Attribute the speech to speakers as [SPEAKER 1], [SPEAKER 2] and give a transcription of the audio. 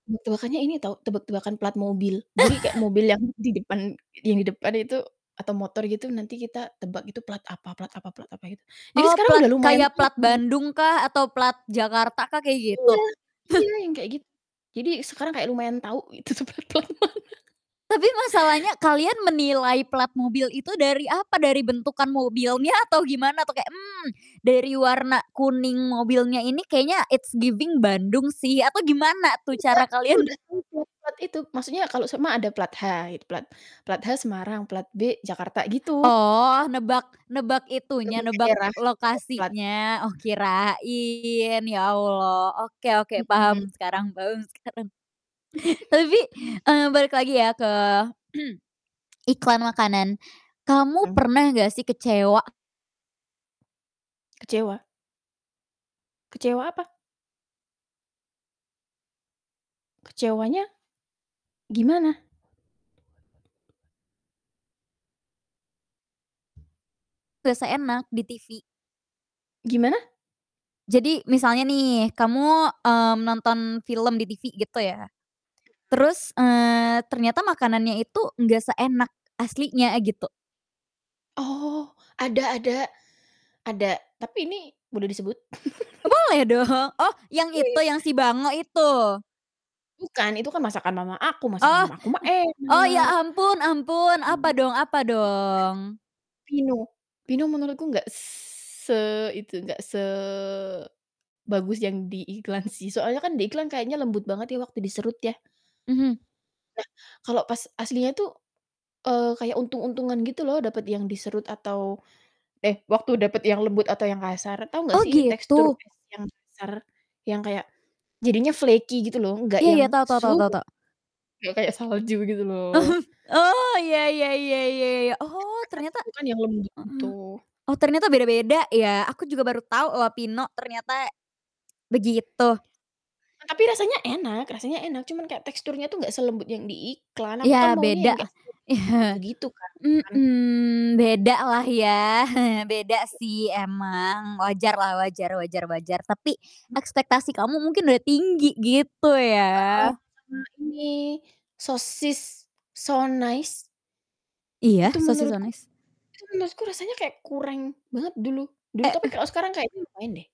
[SPEAKER 1] Mu tebakannya ini tau, tebak-tebakan plat mobil. Jadi kayak mobil yang di depan yang di depan itu, atau motor gitu nanti kita tebak gitu, plat apa plat apa plat apa gitu, jadi
[SPEAKER 2] Oh
[SPEAKER 1] sekarang
[SPEAKER 2] plat,
[SPEAKER 1] udah lumayan
[SPEAKER 2] kayak plat
[SPEAKER 1] [unintelligible]
[SPEAKER 2] Bandung kah, atau plat Jakarta kah, kayak gitu?
[SPEAKER 1] Iya iya, yang kayak gitu, jadi sekarang kayak lumayan tau, itu tuh plat-plat mana.
[SPEAKER 2] Tapi masalahnya kalian menilai plat mobil itu dari apa, dari bentukan mobilnya, atau gimana tuh kayak, "Mmm, dari warna kuning mobilnya ini kayaknya it's giving Bandung sih," atau gimana tuh
[SPEAKER 1] Nggak,
[SPEAKER 2] cara
[SPEAKER 1] kita
[SPEAKER 2] kalian
[SPEAKER 1] udah tau plat-plat itu. Maksudnya kalau sema ada plat H, it plat plat H Semarang plat B Jakarta gitu.
[SPEAKER 2] Oh, nebak nebak
[SPEAKER 1] Mmm
[SPEAKER 2] itunya, nebak
[SPEAKER 1] daerah, daerah plat.
[SPEAKER 2] lokasinya, oh kirain, ya Allah, oke oke,
[SPEAKER 1] Mhm.
[SPEAKER 2] paham sekarang paham sekarang. Tapi, eee, balik lagi ya ke, iklan makanan, kamu
[SPEAKER 1] Mmm.
[SPEAKER 2] pernah nggak sih kecewa?
[SPEAKER 1] Kecewa? Kecewa apa? Kecewanya, gimana?
[SPEAKER 2] Nggak seenak, di TV.
[SPEAKER 1] Gimana?
[SPEAKER 2] Jadi misalnya nih, kamu, mmm, nonton film di TV gitu ya,
[SPEAKER 1] Mmm.
[SPEAKER 2] terus, eee, ternyata makanannya itu nggak seenak aslinya, gitu.
[SPEAKER 1] Oh ada ada. Ada. Tapi ini boleh disebut?
[SPEAKER 2] Boleh do oh yang itu, yang si bango itu?
[SPEAKER 1] Bukan. Itu kan masakan mama aku, masakan
[SPEAKER 2] Oh,
[SPEAKER 1] mama aku mah
[SPEAKER 2] o
[SPEAKER 1] enak.
[SPEAKER 2] ya ampun
[SPEAKER 1] Mhm.
[SPEAKER 2] ampun, apa dong apa dong?
[SPEAKER 1] Pino. Pino menurut ku nggak se itu, nggak sebagus yang di iklan sih, soalnya kan diiklan kayaknya lembut banget ya waktu diserut ya
[SPEAKER 2] Mhm.
[SPEAKER 1] Nah, kalau pas aslinya tuh, eee, kayak untung-untungan gitu loh, dapet yang diserut atau eh, waktu dapet yang lembut atau yang kasar. Tau ngggak
[SPEAKER 2] Oh
[SPEAKER 1] sih tekstur
[SPEAKER 2] gitu.
[SPEAKER 1] es yang kasar, yang kayak jadinya flaky gitu loh, nggak
[SPEAKER 2] Iya
[SPEAKER 1] yang
[SPEAKER 2] tau tau tau tau.
[SPEAKER 1] nggak kayak salju gitu loh.
[SPEAKER 2] Mhm. Oh, ya ya ya ya ya ya. Oh ternyata
[SPEAKER 1] Ekspektasiku kan yang lembut gitu.
[SPEAKER 2] heeh, oh ternyata beda-beda ya, aku juga baru tau loh Pino, ternyata begitu.
[SPEAKER 1] Tapi rasanya enak rasanya enak, cuman kayak teksturnya tuh nggak selembut yang di iklan. Aku kan
[SPEAKER 2] Ya
[SPEAKER 1] maunya
[SPEAKER 2] beda.
[SPEAKER 1] yang kayak selembut
[SPEAKER 2] Ya,
[SPEAKER 1] salju gitu kan.
[SPEAKER 2] mhm. Beda lah ya, beda sih, emang. Wajarlah, wajar wajar wajar tapi,
[SPEAKER 1] Mak
[SPEAKER 2] ekspektasi kamu mungkin udah tinggi gitu
[SPEAKER 1] Heeh,
[SPEAKER 2] ya.
[SPEAKER 1] sama ini, sosis So Nice,
[SPEAKER 2] Iya.
[SPEAKER 1] itu
[SPEAKER 2] Sosis So
[SPEAKER 1] menurutku
[SPEAKER 2] Nice.
[SPEAKER 1] itu menurutku, rasanya kayak kureng banget dulu. Dulu
[SPEAKER 2] E
[SPEAKER 1] tapi kalau sekarang kayaknya lumayan deh.